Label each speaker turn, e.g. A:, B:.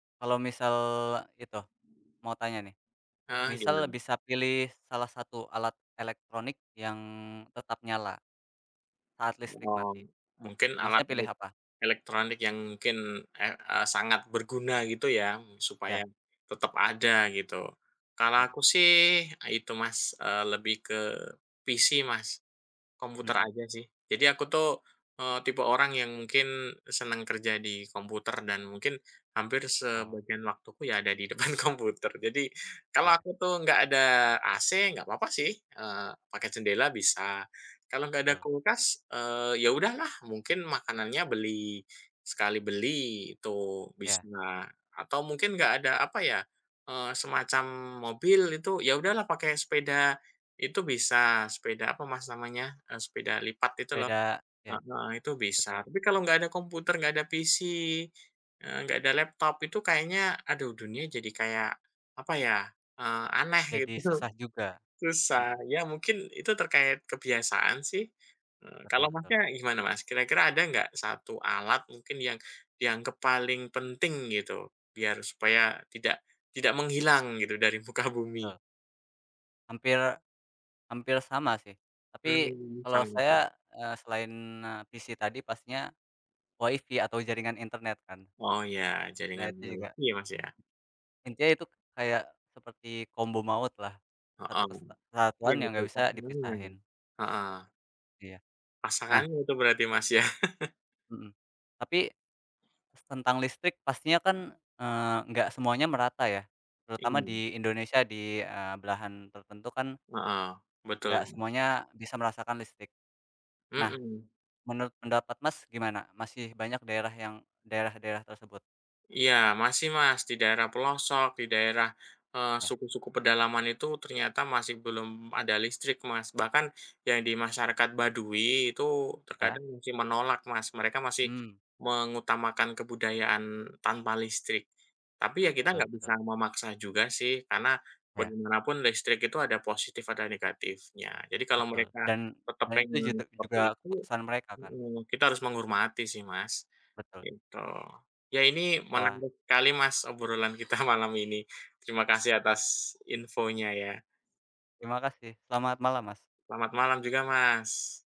A: Kalau misal itu, mau tanya, nih.
B: Heeh,
A: Misal
B: gimana?
A: bisa pilih salah satu alat elektronik yang tetap nyala, saat listrik
B: Oh,
A: mati,
B: mungkin alat
A: Masnya pilih
B: elik
A: apa?
B: elektronik yang mungkin, eh, e sangat berguna, gitu ya, mmm,
A: Ya.
B: supaya tetap ada, gitu. Kalau
A: Mmm.
B: aku sih, itu, Mas. Eee, lebih ke PC, Mas. Komputer
A: Mhm.
B: aja, sih. Jadi aku tuh, eee, tipe orang yang mungkin senang kerja di komputer dan mungkin, hampir
A: Oh.
B: sebagian waktuku ya ada di depan komputer. Jadi, kalau
A: Ya.
B: aku tuh nggak ada AC, nggak papa sih, eee, pakai jendela bisa. Kalau nggak ada
A: Betul.
B: kulkas, eee, ya udahlah. Mungkin makanannya beli sekali beli itu,
A: Ya.
B: bisa. Atau mungkin nggak ada apa ya, eee, semacam mobil itu, ya udahlah pakai sepeda itu bisa. Sepeda apa, Mas, namanya? E sepeda lipat itu, lo.
A: Sepeda ya.
B: Heeh, itu bisa.
A: Betul.
B: Tapi kalau nggak ada komputer, nggak ada PC, eee, nggak ada laptop, itu kayaknya, aduh. Dunia jadi kayak, apa ya, eee, aneh
A: Jadi
B: gitu.
A: susah juga,
B: Susah.
A: mhm.
B: Ya mungkin, itu terkait kebiasaan, sih.
A: Betul
B: Kalau
A: betul.
B: Masnya gimana, Mas? Kira-kira ada nggak, satu alat, mungkin yang dianggap paling penting, gitu, biar supaya tidak tidak menghilang, gitu, dari muka bumi?
A: Betul. Hampir hampir sama, sih. Tapi,
B: Mmm,
A: kalau
B: sama.
A: saya, eee, selain e PC tadi, pastinya Wi-Fi atau jaringan internet, kan.
B: Oh iya,
A: Nah,
B: jaringan
A: itu juga.
B: Wi-Fi, ya Mas, ya?
A: Intinya itu k kayak seperti kombo maut, lah.
B: Heeh,
A: Satu kesta
B: [unintelligible]
A: kesatuan yang nggak bisa dipisahin.
B: heeh.
A: Iya. Nah.
B: Pasangannya itu berarti Mas, ya?
A: Mhm. Tapi, s tentang listrik pastinya kan, eee, nggak semuanya merata, ya. Terutama
B: [unintelligible]
A: di Indonesia di, eee, belahan tertentu kan,
B: Heeh,
A: nggak
B: betul.
A: semuanya bisa merasakan listrik. Nah,
B: Mhm.
A: menurut pendapat Mas gimana? Masih banyak daerah yang daerah-daerah tersebut?
B: Iya, masih, Mas. Di daerah pelosok, di daerah, eee,
A: Ya.
B: suku-suku pedalaman itu, ternyata masih belum ada listrik, Mas. Bahkan, yang di masyarakat Baduy, itu
A: Ya.
B: terkadang masih menolak, Mas. Mereka masih
A: Mmm.
B: mengutamakan kebudayaan tanpa listrik. Tapi ya kita
A: Betul
B: nggak bisa
A: betul.
B: memaksa juga, sih. Karena,
A: Ya.
B: bagaimanapun listrik itu ada positif, ada negatifnya. Jadi kalau
A: Betul.
B: mereka
A: Dan,
B: tetap
A: selain itu jute
B: pengen
A: juga,
B: seperti itu
A: keputusan mereka, kan.
B: mhm, kita harus menghormati sih Mas,
A: Betul.
B: gitu. Ya ini,
A: Wah.
B: menarik kali, Mas, obrolan kita malam ini. Terima kasih atas infonya, ya.
A: Terima kasih. Selamat malam, Mas.
B: Selamat malam juga, Mas.